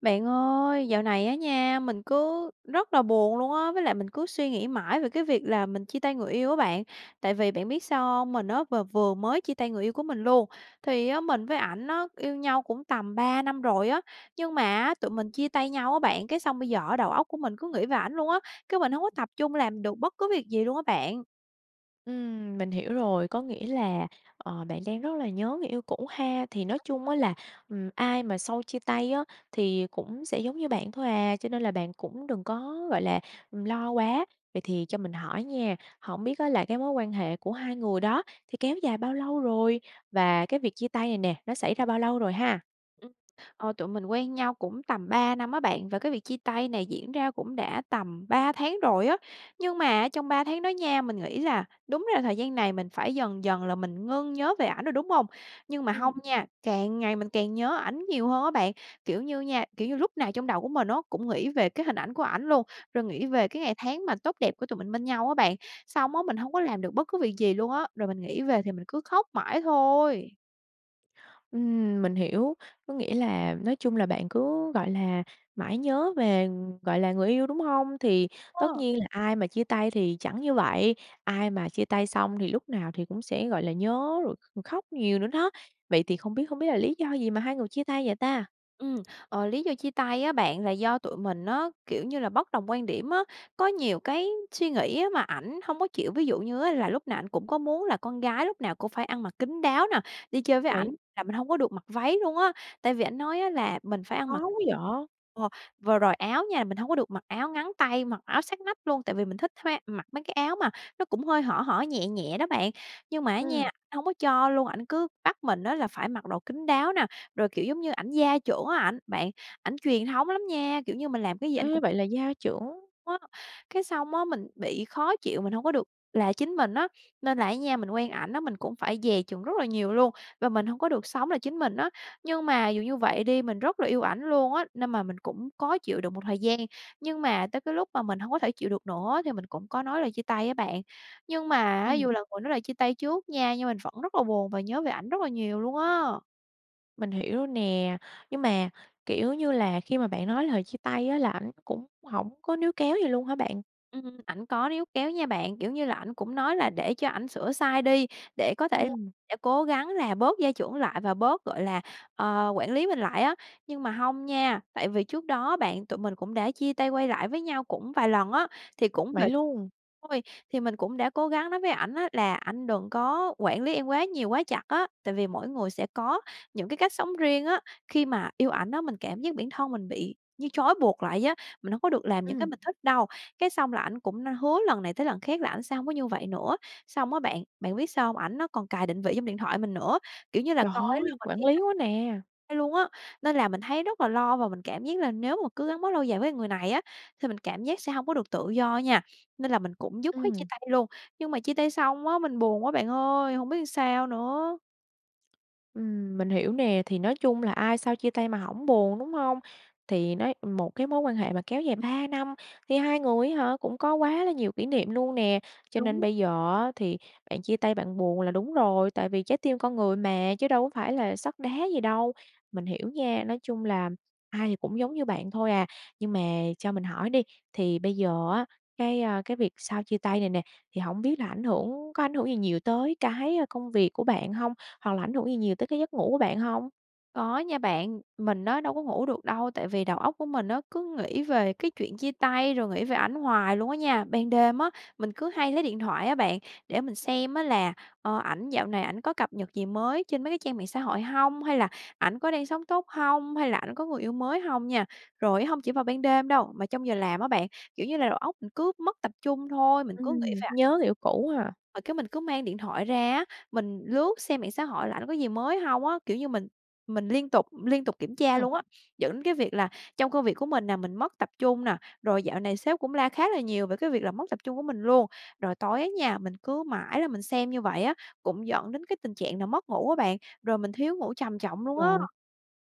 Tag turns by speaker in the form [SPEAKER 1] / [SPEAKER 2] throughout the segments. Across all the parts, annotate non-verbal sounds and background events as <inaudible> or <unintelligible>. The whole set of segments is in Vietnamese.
[SPEAKER 1] Bạn ơi, dạo này á nha, mình cứ rất là buồn luôn á, với lại mình cứ suy nghĩ mãi về cái việc là mình chia tay người yêu á bạn. Tại vì bạn biết sao hông? Mình á v vừa mới chia tay người yêu của mình luôn. Thì á, mình với ảnh á, yêu nhau cũng tầm 3 năm rồi á, nhưng mà á, tụi mình chia tay nhau á bạn, cái xong bây giờ á đầu óc của mình cứ nghĩ về ảnh luôn á, cái mình hông có tập trung làm được bất cứ việc gì luôn á bạn.
[SPEAKER 2] Ừm, mình hiểu rồi, có nghĩa là, ờ, bạn đang rất là nhớ người yêu cũ ha. Thì nói chung á
[SPEAKER 1] <unintelligible>
[SPEAKER 2] là, ừm, ai mà sau chia tay á, thì cũng sẽ giống như bạn thôi à, cho nên là bạn cũng đừng có, gọi là, ừm, lo quá. Vậy thì cho mình hỏi nha, hổng biết á là cái mối quan hệ của hai người đó thì kéo dài bao lâu rồi? Và cái việc chia tay này nè, nó xảy ra bao lâu rồi ha?
[SPEAKER 1] Ừm, ờ, tụi mình quen nhau cũng tầm 3 năm á bạn, và cái việc chia tay này diễn ra cũng đã tầm 3 tháng rồi á. Nhưng mà á, trong 3 tháng đó nha, mình nghĩ là đúng ra thời gian này mình phải dần dần là mình ngưng nhớ về ảnh rồi, đúng hông? Nhưng mà hông
[SPEAKER 2] Ừm.
[SPEAKER 1] nha, càng ngày mình càng nhớ ảnh nhiều hơn á bạn. Kiểu như nha, kiểu như, lúc nào trong đầu của mình á, cũng nghĩ về cái hình ảnh của ảnh luôn, rồi nghĩ về cái ngày tháng mà tốt đẹp của tụi mình bên nhau á bạn. Xong á mình hông có làm được bất cứ việc gì luôn á, rồi mình nghĩ về thì mình cứ khóc mãi thôi.
[SPEAKER 2] Ừm, mình hiểu, có nghĩa là nói chung là bạn cứ, gọi là, mãi nhớ về, gọi là, người yêu, đúng hông? Thì tất
[SPEAKER 1] Ờ.
[SPEAKER 2] nhiên là ai mà chia tay thì chẳng như vậy, ai mà chia tay xong thì lúc nào thì cũng sẽ, gọi là, nhớ rồi kh khóc nhiều nữa đó. Vậy thì không biết không biết là lý do gì mà hai người chia tay vậy ta?
[SPEAKER 1] Ừm, ờ, lý do chia tay á bạn là do tụi mình á, kiểu như là, bất đồng quan điểm á, có nhiều cái suy nghĩ á mà ảnh hông có chịu. Ví dụ như á là lúc nào ảnh cũng có muốn là con gái lúc nào cũng phải ăn mặc kín đáo nè, đi chơi với
[SPEAKER 2] Đấy.
[SPEAKER 1] ảnh là mình hông có được mặc váy luôn á. Tại vì ảnh nói á là mình phải ăn
[SPEAKER 2] Khó
[SPEAKER 1] mặc
[SPEAKER 2] quá vậy!
[SPEAKER 1] ờ, vừa rồi áo nha, mình hông có được mặc áo ngắn tay, mặc áo sát nách luôn, tại vì mình thích khoe mặc mấy cái áo mà nó cũng hơi hở hở, nhẹ nhẹ đó bạn. Nhưng mà á
[SPEAKER 2] Ừm.
[SPEAKER 1] nha, hông có cho luôn, ảnh cứ bắt mình á là phải mặc đồ kín đáo nè, rồi, kiểu, giống như, ảnh gia trưởng á ảnh bạn, ảnh truyền thống lắm nha, kiểu như, mình làm cái gì ảnh
[SPEAKER 2] Ê!
[SPEAKER 1] cũng
[SPEAKER 2] Vậy là gia trưởng.
[SPEAKER 1] <unintelligible> Cái xong á mình bị khó chịu, mình hông có được là chính mình á. Nên là á nha mình quen ảnh á, mình cũng phải dè chừng rất là nhiều luôn, và mình hông có được sống là chính mình á. Nhưng mà dù như vậy đi, mình rất là yêu ảnh luôn á, nên mà mình cũng cố chịu đựng một thời gian. Nhưng mà tới cái lúc mà mình hông có thể chịu được nữa thì mình cũng có nói lời chia tay á bạn. Nhưng mà á,
[SPEAKER 2] Ừm.
[SPEAKER 1] dù là người nói lời chia tay trước nha, nhưng mình vẫn rất là buồn và nhớ về ảnh rất là nhiều luôn á.
[SPEAKER 2] Mình hiểu nè, nhưng mà, kiểu như là, khi mà bạn nói lời chia tay á là ảnh cũng hổng có níu kéo gì luôn hả bạn?
[SPEAKER 1] Ừm, ảnh có níu kéo nha bạn, kiểu như là, ảnh cũng nói là để cho ảnh sửa sai đi, để có thể <unintelligible>
[SPEAKER 2] Ừm.
[SPEAKER 1] sẽ cố gắng là bớt gia trưởng lại và bớt, gọi là, ờ, quản lý mình lại á. Nhưng mà hông nha, tại vì trước đó á bạn, tụi mình cũng đã chia tay, quay lại với nhau cũng vài lần á, thì cũng
[SPEAKER 2] Vậy
[SPEAKER 1] vậy
[SPEAKER 2] luôn!
[SPEAKER 1] thôi, thì mình cũng đã cố gắng nói với ảnh á là: "Anh đừng có quản lý em quá nhiều, quá chặt á, tại vì mỗi người sẽ có những cái cách sống riêng á." Khi mà yêu ảnh á, mình cảm giác bản thân mình bị như trói buộc lại vậy á, mình hổng có được làm những cái
[SPEAKER 2] Ừm!
[SPEAKER 1] mình thích đâu, cái xong là ảnh cũng n hứa lần này tới lần khác là ảnh sẽ hông có như vậy nữa. Xong á bạn, bạn biết sao hông? Ảnh nó còn cài định vị trong điện thoại mình nữa, kiểu như là,
[SPEAKER 2] Trời
[SPEAKER 1] coi á là
[SPEAKER 2] ơi!
[SPEAKER 1] mình
[SPEAKER 2] Quản
[SPEAKER 1] đi
[SPEAKER 2] lý
[SPEAKER 1] đâu
[SPEAKER 2] quá nè!
[SPEAKER 1] <unintelligible> luôn á. Nên là mình thấy rất là lo và mình cảm giác là nếu mà cứ gắn bó lâu dài với người này á, thì mình cảm giác sẽ hông có được tự do á nha, nên là mình cũng dứt khoát chia
[SPEAKER 2] Ừm.
[SPEAKER 1] tay luôn, nhưng mà chia tay xong á, mình buồn quá bạn ơi, hổng biết làm sao nữa.
[SPEAKER 2] Ừm, mình hiểu nè. Thì nói chung là ai sau chia tay mà hổng buồn, đúng hông? Thì nói một cái mối quan hệ mà kéo dài 3 năm thì hai người á hả, cũng có quá là nhiều kỷ niệm luôn nè. Cho nên
[SPEAKER 1] Đúng.
[SPEAKER 2] bây giờ á thì bạn chia tay bạn buồn là đúng rồi, tại vì trái tim con người mà, chứ đâu có phải là sắt đá gì đâu. Mình hiểu nha, nói chung là ai thì cũng giống như bạn thôi à. Nhưng mà cho mình hỏi đi, thì bây giờ á, cái, a, cái việc sau chia tay này nè, thì hổng biết là ảnh hưởng có ảnh hưởng gì nhiều tới cái công việc của bạn hông? Hoặc là ảnh hưởng gì nhiều tới cái giấc ngủ của bạn hông?
[SPEAKER 1] Có nha bạn. Mình á đâu có ngủ được đâu, tại vì đầu óc của mình á cứ nghĩ về cái chuyện chia tay, rồi nghĩ về ảnh hoài luôn á nha. Ban đêm á, mình cứ hay lấy điện thoại á bạn, để mình xem á là, ờ, ảnh dạo này ảnh có cập nhật gì mới trên mấy cái trang mạng xã hội hông? Hay là ảnh có đang sống tốt hông? Hay là ảnh có người yêu mới hông nha? Rồi hông chỉ vào ban đêm đâu, mà trong giờ làm á bạn, kiểu như là, đầu óc cứ mất tập trung thôi, mình cứ nghĩ
[SPEAKER 2] Ừm,
[SPEAKER 1] về ảnh.
[SPEAKER 2] nhớ người yêu cũ hà?
[SPEAKER 1] Rồi cái mình cứ mang điện thoại ra á, mình lướt xem mạng xã hội là ảnh có gì mới hông á, kiểu như, mình mình liên tục liên tục kiểm tra
[SPEAKER 2] Ừm.
[SPEAKER 1] luôn á, dẫn đến cái việc là trong công việc của mình nè, mình mất tập trung nè. Rồi dạo này sếp cũng la khá là nhiều về cái việc là mất tập trung của mình luôn. Rồi tối á nha, mình cứ mãi là mình xem như vậy á, cũng dẫn đến cái tình trạng là mất ngủ á bạn, rồi mình thiếu ngủ trầm trọng luôn á.
[SPEAKER 2] Trời!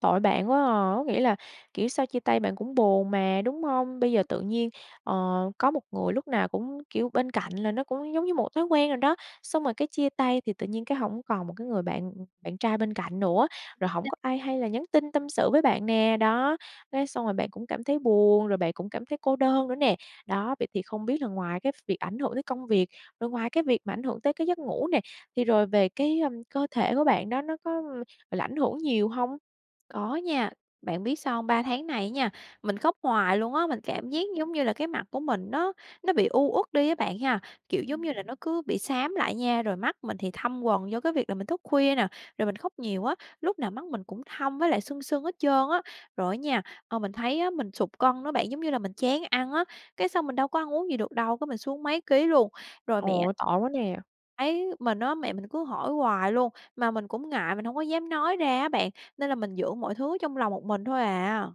[SPEAKER 2] Tội bạn quá à, có nghĩa là, kiểu, sau chia tay bạn cũng buồn mà, đúng hông? Bây giờ
[SPEAKER 1] Ừm.
[SPEAKER 2] tự nhiên, ờ, có một người lúc nào cũng, kiểu, bên cạnh là nó cũng giống như một thói quen rồi đó. Xong rồi cái chia tay thì tự nhiên cái hổng còn một cái người bạn bạn trai bên cạnh nữa, rồi hổng
[SPEAKER 1] <unintelligible>
[SPEAKER 2] có ai hay là nhắn tin tâm sự với bạn nè, đó, cái xong rồi bạn cũng cảm thấy buồn, rồi bạn cũng cảm thấy cô đơn nữa nè. Đó, vậy thì không biết là ngoài cái việc ảnh hưởng tới công việc, rồi ngoài cái việc mà ảnh hưởng tới cái giấc ngủ nè, thì rồi về cái, ưm, cơ thể của bạn đó nó có, ưm, gọi là, ảnh hưởng nhiều hông?
[SPEAKER 1] Có nha. Bạn biết sao hông? 3 tháng này á nha, mình khóc hoài luôn á, mình cảm giác,
[SPEAKER 2] Ừm.
[SPEAKER 1] giống như là, cái mặt của mình nó nó bị u uất đi á bạn ha. Kiểu, giống
[SPEAKER 2] Ừm.
[SPEAKER 1] như là, nó cứ bị xám lại nha, rồi mắt mình thì thâm quầng do cái việc là mình thức khuya nè, rồi mình khóc nhiều á, lúc nào mắt mình cũng thâm với lại sưng sưng hết trơn á. Rồi á nha, ờ, mình thấy á, mình sụt cân đó bạn, giống như là mình chán ăn á, cái xong mình đâu có ăn uống gì được đâu, cái mình xuống mấy ký luôn. Rồi mẹ
[SPEAKER 2] Ồ, tội quá nè!
[SPEAKER 1] thấy mình á, mẹ mình cứ hỏi hoài luôn, mà mình cũng ngại, mình hông có dám nói ra á bạn, nên là mình giữ mọi thứ trong lòng một mình thôi à.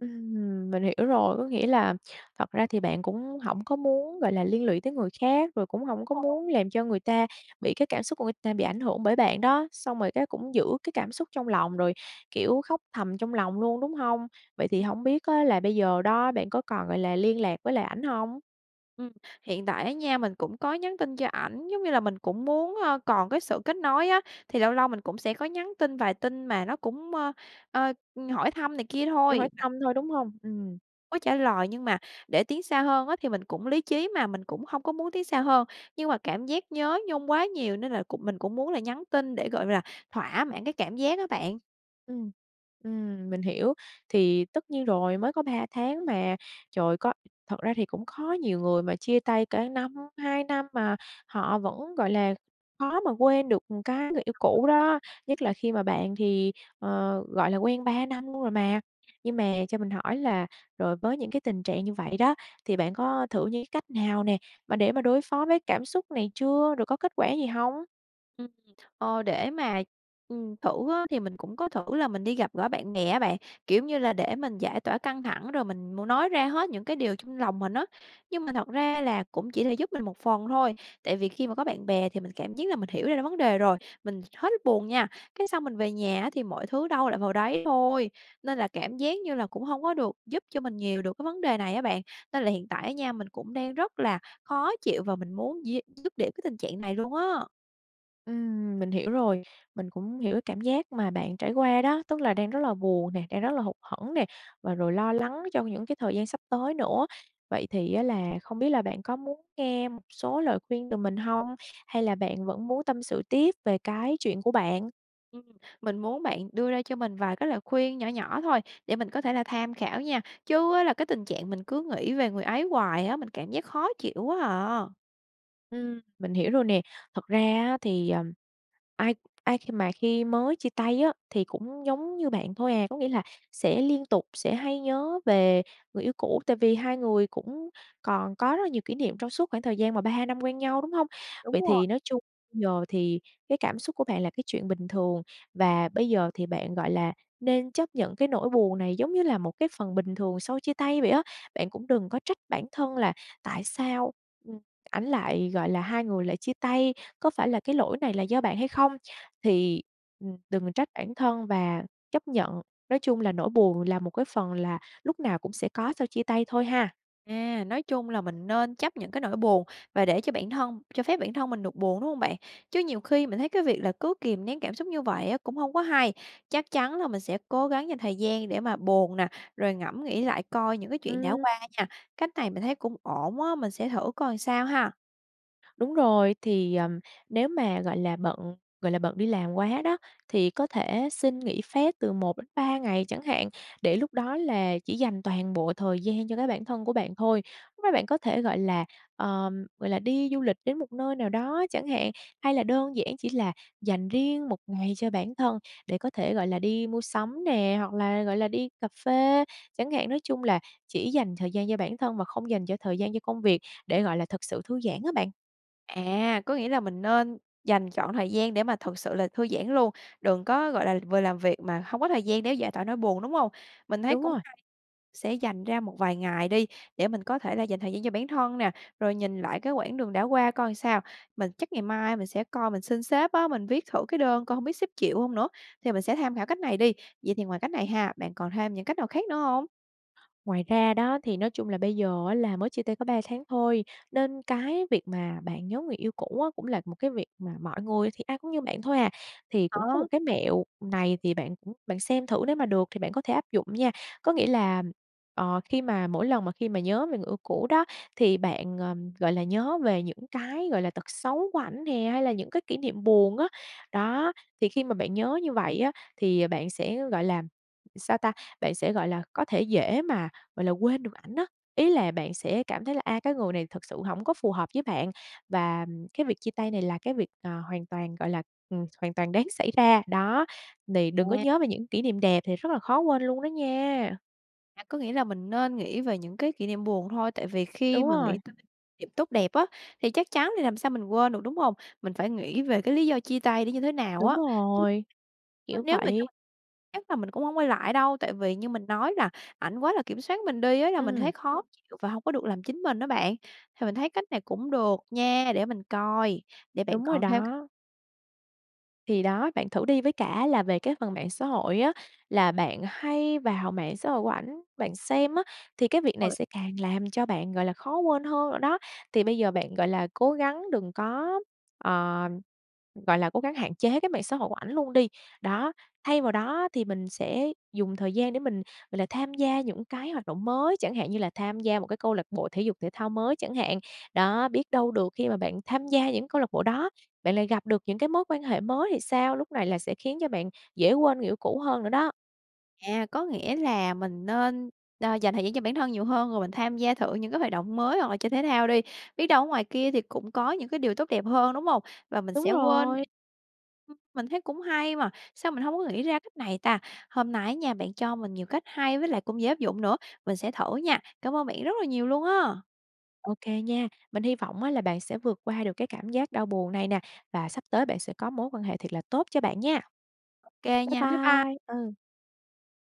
[SPEAKER 2] Ừm, mình hiểu rồi. Có nghĩa là thật ra thì bạn cũng hổng có muốn, gọi là, liên lụy tới người khác, rồi cũng hổng có
[SPEAKER 1] Đúng rồi.
[SPEAKER 2] muốn làm cho người ta bị cái cảm xúc của người ta bị ảnh hưởng bởi bạn đó, xong rồi cái cũng giữ cái cảm xúc trong lòng rồi, kiểu, khóc thầm trong lòng luôn, đúng hông? Vậy thì hổng biết á là bây giờ đó bạn có còn, gọi là, liên lạc với lại ảnh hông?
[SPEAKER 1] Ừm, hiện tại á nha, mình cũng có nhắn tin cho ảnh, giống như là, mình cũng muốn, ờ, còn cái sự kết nối á, thì lâu lâu mình cũng sẽ có nhắn tin vài tin mà nó cũng, ơ, ơ, hỏi thăm này kia
[SPEAKER 2] Kiểu
[SPEAKER 1] thôi.
[SPEAKER 2] hỏi thăm thôi, đúng hông? Ừm.
[SPEAKER 1] Có trả lời, nhưng mà để tiến xa hơn á thì mình cũng lý trí mà, mình cũng hông có muốn tiến xa hơn. Nhưng mà cảm giác nhớ nhung quá nhiều nên là cũng mình cũng muốn là nhắn tin để, gọi như là, thỏa mãn cái cảm giác á bạn.
[SPEAKER 2] Ừm. Ừm, mình hiểu. Thì tất nhiên rồi mới có 3 tháng mà, trời có thật ra thì cũng khó nhiều người mà chia tay cả năm, 2 năm mà họ vẫn, gọi là, khó mà quên được, ừm, cái
[SPEAKER 1] Thiệt
[SPEAKER 2] người yêu
[SPEAKER 1] hông đó.
[SPEAKER 2] cũ đó, nhất là khi mà bạn thì, ờ, gọi là, quen 3 năm luôn rồi mà. Nhưng mà cho mình hỏi là rồi với những cái tình trạng như vậy đó thì bạn có thử như cái cách nào nè, mà để mà đối phó với cảm xúc này chưa? Rồi có kết quả gì hông?
[SPEAKER 1] Ừm. Ờ, để mà, ừm, thử á thì mình cũng có thử là mình đi gặp gỡ bạn bè á bạn, kiểu như là, để mình giải tỏa căng thẳng, rồi mình mô nói ra hết những cái điều trong lòng mình á. Nhưng mà thật ra là cũng chỉ là giúp mình một phần thôi. Tại vì khi mà có bạn bè thì mình cảm giác là mình hiểu ra vấn đề rồi, mình hết buồn nha. Cái, xong mình về nhà á thì mọi thứ đâu lại vào đấy thôi, nên là cảm giác như là cũng hông có được giúp cho mình nhiều được cái vấn đề này á bạn. Nên là hiện tại á nha, mình cũng đang rất là khó chịu và mình muốn d dứt điểm cái tình trạng này luôn á.
[SPEAKER 2] Ừm, mình hiểu rồi, mình cũng hiểu cảm giác mà bạn trải qua đó, tức là đang rất là buồn nè, đang rất là hụt hẫng nè, và rồi lo lắng trong những cái thời gian sắp tới nữa. Vậy thì á là không biết là bạn có muốn nghe một số lời khuyên từ mình hông? Hay là bạn vẫn muốn tâm sự tiếp về cái chuyện của bạn?
[SPEAKER 1] Ừm, mình muốn bạn đưa ra cho mình vài cái lời khuyên nhỏ nhỏ thôi, để mình có thể là tham khảo nha! Chứ á là cái tình trạng mình cứ nghĩ về người ấy hoài á, mình cảm giác khó chịu quá à.
[SPEAKER 2] Ừm, mình hiểu rồi nè. Thật ra á thì, ờ, ai ai khi mà khi mới chia tay á thì cũng giống như bạn thôi à, có nghĩa là sẽ liên tục sẽ hay nhớ về người yêu cũ, tại vì hai người cũng còn có rất là nhiều kỷ niệm trong suốt khoảng thời gian mà 3, 2 năm quen nhau, đúng hông?
[SPEAKER 1] Đúng
[SPEAKER 2] Vậy
[SPEAKER 1] rồi.
[SPEAKER 2] thì nói chung bây giờ thì cái cảm xúc của bạn là cái chuyện bình thường, và bây giờ thì bạn, gọi là, nên chấp nhận cái nỗi buồn này giống như là một cái phần bình thường sau chia tay vậy á. Bạn cũng đừng có trách bản thân là tại sao, ừm, ảnh lại gọi là, hai người lại chia tay? Có phải là cái lỗi này là do bạn hay không? Thì, ừm, đừng trách bản thân và chấp nhận nói chung là nỗi buồn là một cái phần là lúc nào cũng sẽ có sau chia tay thôi ha!
[SPEAKER 1] À, nói chung là mình nên chấp nhận cái nỗi buồn và để cho bản thân cho phép bản thân mình được buồn, đúng hông bạn? Chứ nhiều khi mình thấy cái việc là cứ kìm nén cảm xúc như vậy á, cũng hông có hay. Chắc chắn là mình sẽ cố gắng dành thời gian để mà buồn nè, rồi ngẫm nghĩ lại coi những cái chuyện đã
[SPEAKER 2] Ừm.
[SPEAKER 1] qua nha. Cách này mình thấy cũng ổn á, mình sẽ thử coi sao ha!
[SPEAKER 2] Đúng rồi, thì, ờm, nếu mà, gọi là, bận, gọi là, bận đi làm quá đó, thì có thể xin nghỉ phép từ 1-3 ngày chẳng hạn, để lúc đó là chỉ dành toàn bộ thời gian cho cái bản thân của bạn thôi. Lúc đó bạn có thể, gọi là, ờm, gọi là, đi du lịch đến một nơi nào đó chẳng hạn, hay là đơn giản chỉ là dành riêng một ngày cho bản thân để có thể, gọi là, đi mua sắm nè, hoặc là, gọi là, đi cà phê chẳng hạn, nói chung là chỉ dành thời gian cho bản thân và không dành cho thời gian cho công việc để, gọi là, thực sự thư giãn á bạn.
[SPEAKER 1] À, có nghĩa là mình nên dành trọn thời gian để mà thực sự là thư giãn luôn, đừng có, gọi là, vừa làm việc mà hông có thời gian để giải tỏa nỗi buồn, đúng hông? Mình thấy
[SPEAKER 2] Đúng
[SPEAKER 1] cũng
[SPEAKER 2] rồi.
[SPEAKER 1] hay sẽ dành ra một vài ngày đi để mình có thể là dành thời gian cho bản thân nè, rồi nhìn lại cái quãng đường đã qua coi sao. Mình chắc ngày mai mình sẽ coi mình xin xếp á, mình viết thử cái đơn coi hông biết xếp chịu hông nữa? Thì mình sẽ tham khảo cách này đi. Vậy thì ngoài cách này ha, bạn còn thêm những cách nào khác nữa hông?
[SPEAKER 2] Ngoài ra đó thì nói chung là bây giờ á là mới chia tay có 3 tháng thôi, nên cái việc mà bạn nhớ người yêu cũ á, cũng là một cái việc mà mọi người thì ai cũng như bạn thôi à. Thì cũng có một
[SPEAKER 1] Đó.
[SPEAKER 2] cái mẹo này thì bạn bạn xem thử nếu mà được thì bạn có thể áp dụng nha. Có nghĩa là, ờ, khi mà mỗi lần mà khi mà nhớ về người yêu cũ đó, thì bạn, ờm, gọi là, nhớ về những cái, gọi là, tật xấu của ảnh nè hay là những cái kỷ niệm buồn á. Đó, thì khi mà bạn nhớ như vậy á, thì bạn sẽ, gọi là, sao ta? Bạn sẽ, gọi là, có thể dễ mà, gọi là, quên được ảnh á. Ý là bạn sẽ cảm thấy là, a, cái người này thực sự hổng có phù hợp với bạn và cái việc chia tay này là cái việc, à, hoàn toàn, gọi là ừm, hoàn toàn đáng xảy ra. Đó, đì đừng có
[SPEAKER 1] À.
[SPEAKER 2] nhớ về những kỷ niệm đẹp thì rất là khó quên luôn đó nha!
[SPEAKER 1] À, có nghĩa là mình nên nghĩ về những cái kỷ niệm buồn thôi, tại vì khi
[SPEAKER 2] Đúng
[SPEAKER 1] mà
[SPEAKER 2] rồi.
[SPEAKER 1] nghĩ tới niệm tốt đẹp á thì chắc chắn thì làm sao mình quên được, đúng hông? Mình phải nghĩ về cái lý do chia tay nó như thế nào
[SPEAKER 2] Đúng
[SPEAKER 1] á, chứ
[SPEAKER 2] rồi,
[SPEAKER 1] <unintelligible>
[SPEAKER 2] kiểu
[SPEAKER 1] nếu mà trong
[SPEAKER 2] vậy.
[SPEAKER 1] chắc là mình cũng hông quay lại đâu, tại vì như mình nói là ảnh quá là kiểm soát mình đi á, là mình
[SPEAKER 2] Ừm.
[SPEAKER 1] thấy khó chịu và hông có được làm chính mình á bạn. Thì mình thấy cách này cũng được nha, để mình coi, để bạn
[SPEAKER 2] Đúng rồi
[SPEAKER 1] còn theo cách
[SPEAKER 2] đó. Thì đó, bạn thử đi, với cả là về cái phần mạng xã hội á, là bạn hay vào mạng xã hội của ảnh bạn xem á, thì cái việc này
[SPEAKER 1] Rồi.
[SPEAKER 2] sẽ càng làm cho bạn, gọi là, khó quên hơn rồi đó. Thì bây giờ bạn, gọi là, cố gắng đừng có ờ, gọi là, cố gắng hạn chế cái mạng xã hội của ảnh luôn đi, đó, thay vào đó á thì mình sẽ dùng thời gian để mình, gọi là, tham gia những cái hoạt động mới, chẳng hạn như là tham gia một cái câu lạc bộ thể dục thể thao mới chẳng hạn. Đó, biết đâu được khi mà bạn tham gia những câu lạc bộ đó, bạn lại gặp được những cái mối quan hệ mới thì sao? Lúc này là sẽ khiến cho bạn dễ quên người yêu cũ hơn nữa đó.
[SPEAKER 1] À, có nghĩa là mình nên, ơ, dành thời gian cho bản thân nhiều hơn, rồi mình tham gia thử những cái hoạt động mới hoặc là chơi thể thao đi, biết đâu ở ngoài kia thì cũng có những cái điều tốt đẹp hơn, đúng hông? Và mình
[SPEAKER 2] Đúng
[SPEAKER 1] sẽ quên đi
[SPEAKER 2] rồi!
[SPEAKER 1] ừm, mình thấy cũng hay mà, sao mình hổng có nghĩ ra cách này ta? Hôm nay á nha, bạn cho mình nhiều cách hay với lại cũng dễ áp dụng nữa, mình sẽ thử nha. Cảm ơn bạn rất là nhiều luôn á!
[SPEAKER 2] OK nha, mình hy vọng á là bạn sẽ vượt qua được cái cảm giác đau buồn này nè, và sắp tới bạn sẽ có mối quan hệ thiệt là tốt cho bạn nha.
[SPEAKER 1] OK
[SPEAKER 2] Bye
[SPEAKER 1] nha, bye by
[SPEAKER 2] bye, ừ.